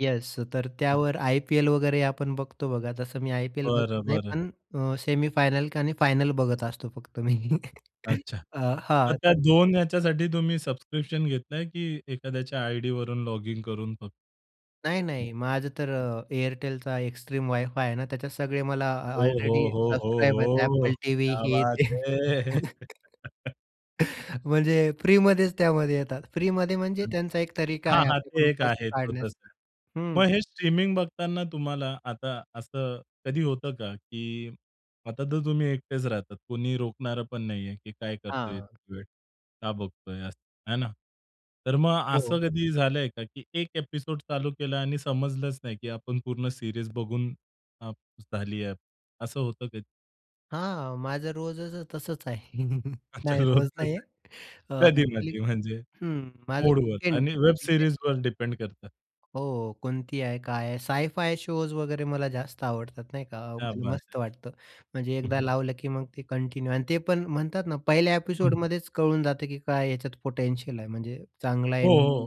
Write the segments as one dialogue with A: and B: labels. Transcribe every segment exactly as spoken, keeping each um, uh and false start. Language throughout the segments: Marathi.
A: येस. तर
B: हं.
A: त्यावर आयपीएल वगैरे आपण बघतो बघा, तसं मी आयपीएल बघत
B: बरं,
A: नाही,
B: बरं.
A: पण अ, सेमीफायनल आणि फायनल बघत असतो फक्त मी.
B: अच्छा.
A: हां,
B: मग
A: हां.
B: त्या
A: तर
B: दोन याच्यासाठी तुम्ही सबस्क्रिप्शन घेतलंय, की एखाद्याच्या आयडीवरून लॉगिन करून फक
A: नाही, नाही. माझं तर
B: [unintelligible]
A: अ, एअरटेलचा एक्स्ट्रीम वाय-फाय आहे ना, त्याच्यात सगळे मला अ
B: हो, हो,
A: ऑलरेडी
B: हो, हो,
A: सबस्क्राईब आहेत
B: हो.
A: Apple टीव्ही,
B: क्या
A: हे
B: बात
A: ते.
B: है.
A: म्हणजे फ्रीमध्येच त्यामध्ये येतात. फ्रीमध्ये म्हणजे
B: हं.
A: त्यांचा एक तरीका
B: हां,
A: आहे,
B: हां, ते
A: आपल्याकडून
B: एक
A: पैसे
B: आहे. [unintelligible]
A: काढण्याचा.
B: नाही.
A: हं.
B: मग हे स्ट्रीमिंग बघताना तुम्हाला आता असं कधी होतं का, की आता तर तुम्ही एकटेच राहतात. कोणी रोखणार पण नाहीये, की काय करतोय,
A: हां.
B: कितीवेळ का बघतोय असं. हे ना? तर मग असं
A: हो.
B: कधी झालंय का, की एक एपिसोड चालू केला आणि समजलंच नाही, की आपण पूर्ण सीरीज बघून अ, झाली आहे. असं होतं कधी?
A: हां. माझं रोजचं तसंच आहे.
B: अच्छा.
A: नाही. रोज
B: रोजचंच
A: नाही आहे.
B: आहे.
A: अ, अ‍ॅक्चुअली
B: कधी-मधी, म्हणजे?
A: हं. माझं
B: मूडवर
A: वीकेंड
B: आणि वेब
A: वीकेंड.
B: सीरीजवर डिपेंड करतं.
A: हो, कोणती आहे, काय आहे, साय फाय शोज वगैरे मला जास्त आवडतात नाही का. अ,
B: क्या
A: मला
B: बात
A: मस्त
B: है.
A: वाटतं. म्हणजे
B: हं,
A: एकदा
B: हं.
A: लावलं, की मग ते कंटिन्यू आणि ते पण म्हणतात ना, पहिल्या
B: हं.
A: एपिसोडमध्येच कळून जातं, की काय याच्यात पोटेन्शियल आहे, म्हणजे चांगला आहे.
B: हो,
A: हं.
B: हो.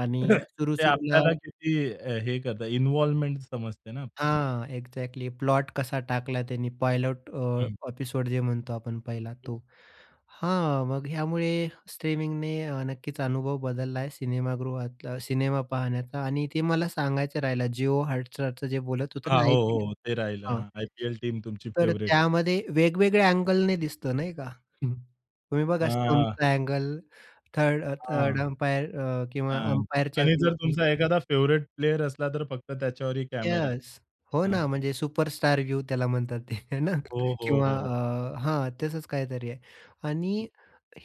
A: आणि सुरू
B: ते
A: सुरूला
B: आपल्याला किती अ, हे करतं, इन्व्हॉल्वमेंट समजते ना आपल्याला?
A: हां. एक्झॅक्टली. प्लॉट कसा टाकला. त्यांनी, पायलट
B: हं.
A: अ, एपिसोड जे म्हणतो आपण पहिला तो. हां, मग ह्यामुळे स्ट्रीमिंगने अ, नक्कीच, अनुभव बदलला आहे, सिनेमागृहातला, सिनेमा पाहण्याचा आणि ते मला सांगायचं राहिलं. जिओ हॉटस्टारचं जे बोलत होतं
B: हां.
A: ना
B: हो,
A: आयपीएल
B: हो. ते
A: हां.
B: राहिलं. आयपीएल टीम तुमची
A: तर
B: फेव्हरेट.
A: त्यामध्ये वेगवेगळ्या अँगलने दिसतं नाही का. हं. तुम्ही बघा
B: हां.
A: स्टंपचा अँगल थर्ड अ, थर्ड
B: हां.
A: अंपायर अ, किंवा
B: हां.
A: अम्पायरच्या
B: आणि जर
A: व्ह्यूनी.
B: तुमचा एखादा फेव्हरेट प्लेयर असला तर फक्त त्याच्यावरही कॅमेरा.
A: येस. हो
B: हां.
A: ना. म्हणजे सुपरस्टार व्ह्यू त्याला म्हणतात ते, हे ना.
B: हो, हो,
A: किंवा
B: हो, हो.
A: अ, हां. तसंच काहीतरी आहे.
B: हं.
A: आणि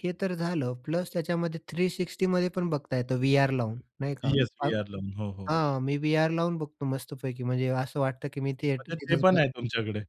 A: हे तर झालं. प्लस त्याच्यामध्ये थ्री सिक्स्टी मध्ये पण बघता येतं व्ही-आर लावून, नाही का.
B: येस.
A: अ
B: व्ही-आर लावून. हो, हो.
A: हां, मी व्ही-आर लावून बघतो मस्तपैकी, म्हणजे असं वाटतं, की मी ते
B: म्हणजे ते
A: तिथंच
B: पण
A: बस
B: आहे तुमच्याकडे.